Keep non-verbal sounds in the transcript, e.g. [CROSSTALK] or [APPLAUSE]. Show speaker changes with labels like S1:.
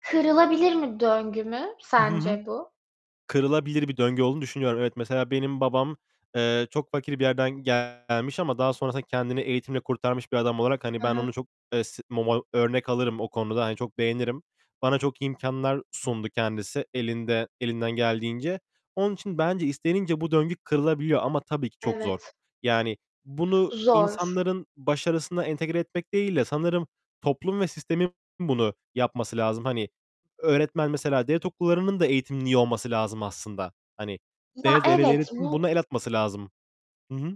S1: Kırılabilir mi, döngü mü
S2: I hı hı.
S1: sence bu?
S2: Kırılabilir bir döngü olduğunu düşünüyorum. Evet, mesela benim babam, eee, çok fakir bir yerden gelmiş ama daha sonrasında kendini eğitimle kurtarmış bir adam olarak, hani,
S1: Hı
S2: ben
S1: hı.
S2: onu çok, eee, s [UNINTELLIGIBLE] örnek alırım o konuda, hani, çok beğenirim. Bana çok imkânlar sundu kendisi elinde elinden geldiğince. Onun için bence istenince bu döngü kırılabiliyor ama tabii ki çok zor.
S1: Evet.
S2: Yani bunu
S1: Zor.
S2: insanların başarısına entegre etmek değil de sanırım toplum ve sistemin bunu yapması lazım. Hani öğretmen mesela Devlet okullarının da eğitimin iyi olması lazım aslında. Hani,
S1: Ya,
S2: de de
S1: evet.
S2: devletin
S1: Bu
S2: buna el atması lazım. Hı hı.